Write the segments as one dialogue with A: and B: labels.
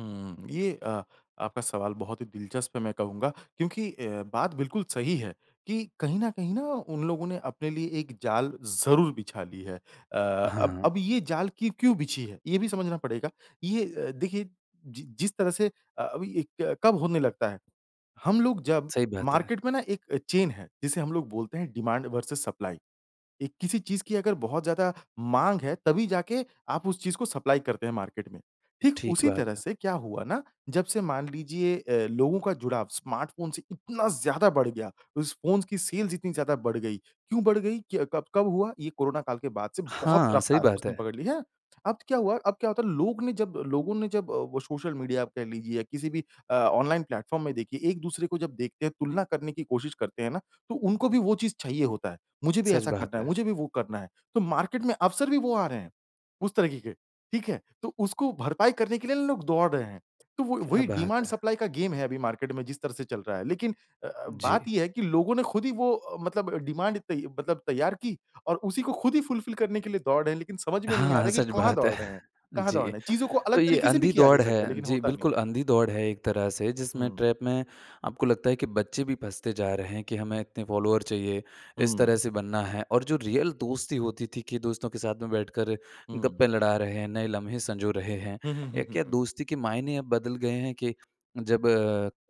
A: हुँ, ये अ, आपका सवाल बहुत ही दिलचस्प है मैं कहूँगा क्योंकि अ, बात बिल्कुल सही है कि कहीं न कहीं ना उन लोगों ने अपने लिए एक जाल ज़रूर बिछा ली है। अ, अब
B: हाँ।
A: अब ये जाल की क्यों बिछी है, ये भी समझना पड़ेगा। ये अ, देखिए जि जिस तरह से अ, अभी ए क कब होने लगता है, हम लोग जब
B: सही बात है।
A: मार्केट में ना एक चैन है जिसे हम लोग बोलते हैं डिमांड वर्सिज सप्लाई। ए किसी चीज़ की अगर बहुत ज़्यादा माँग है तभी जाके आप उस चीज़ को सप्लाई करते हैं मार्केट में। ठीक
B: ठीक
A: उसी तरह
B: बात।
A: से क्या हुआ ना जब से मान लीजिए अ, लोगों का जुड़ाव स्मार्ट फ़ोन से इतना ज़्यादा बढ़ गया, उस फ़ोन की सेल्स इतनी ज़्यादा बढ़ गई, क्यों बढ़ गई? क कब कब हुआ? ये कोरोना काल के बाद से बहुत
B: हाँ, सही
A: रफ़्तार
B: बात
A: उसने
B: है।
A: पकड़ ली है। अब क्या हुआ अब क्या होता है लोग ने जब लोगों ने जब वो सोशल मीडिया कह लीजिए किसी भी अ, ऑनलाइन प्लेटफॉर्म में देखिए एक-दूसरे को जब देखते हैं, तुलना करने की कोशिश करते हैं ना तो उनको भी वो चीज़ चाहिए होता है, मुझे भी
B: सच
A: ऐसा करना
B: बात
A: है,
B: है।
A: मुझे भी वो करना है। तो मार्केट में अफ़सर भी वो आ रहे हैं, उस तरीके के, ठीक है। तो उसको भरपाई करने के लिए ना लोग दौड़ रहे हैं, तो वो
B: क्या
A: वही
B: बात है!
A: डिमांड-सप्लाई का गेम है अभी मार्केट में जिस तरह से चल रहा है। लेकिन अ अ, बात
B: जी।
A: ये है कि लोगों ने खुद ही वो अ, मतलब डिमांड तै मतलब तैयार की और उसी को खुद ही फुलफिल करने के लिए दौड़ रहे हैं। लेकिन समझ में नहीं आ
B: हाँ,
A: रहा कि
B: सच
A: कहाँ
B: बात है।
A: दौड़ रहे हैं कहाँ दौड़
B: जी।
A: रहे हैं? चीज़ों को अलग
B: तो ये
A: तरीके से भी
B: अंधी
A: किया जा
B: दौड़
A: सकता है
B: है
A: लेकिन
B: जी
A: होता नहीं
B: बिल्कुल,
A: है।
B: अंधी दौड़ है एक तरह से जिसमें
A: हुँ।
B: ट्रैप में आपको लगता है कि बच्चे भी फँसते जा रहे हैं कि हमें इतने फॉलोअर्स चाहिए, इस
A: हुँ।
B: तरह से बनना है और जो रियल दोस्ती होती थी कि दोस्तों के साथ में बैठकर
A: हुँ।
B: गप्पे लड़ा रहे हैं, नए लम्हे संजो रहे हैं,
A: हुँ, हुँ
B: ये
A: हुँ, हुँ,
B: क्या
A: हुँ।
B: दोस्ती के मायने अब बदल गए हैं कि जब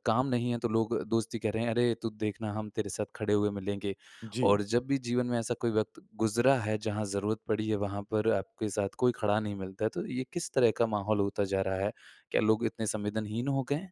B: काम नहीं है तो लोग दोस्ती कह रहे हैं, अरे! तू देखना हम तेरे साथ खड़े हुए मिलेंगे
A: जी।
B: और जब भी जीवन में ऐसा कोई वक़्त गुज़रा है, जहाँ ज़रूरत पड़ी है वहाँ पर आपके साथ कोई खड़ा नहीं मिलता है। तो ये किस तरह का माहौल होता जा रहा है? क्या लोग इतने संवेदनहीन हो गए हैं?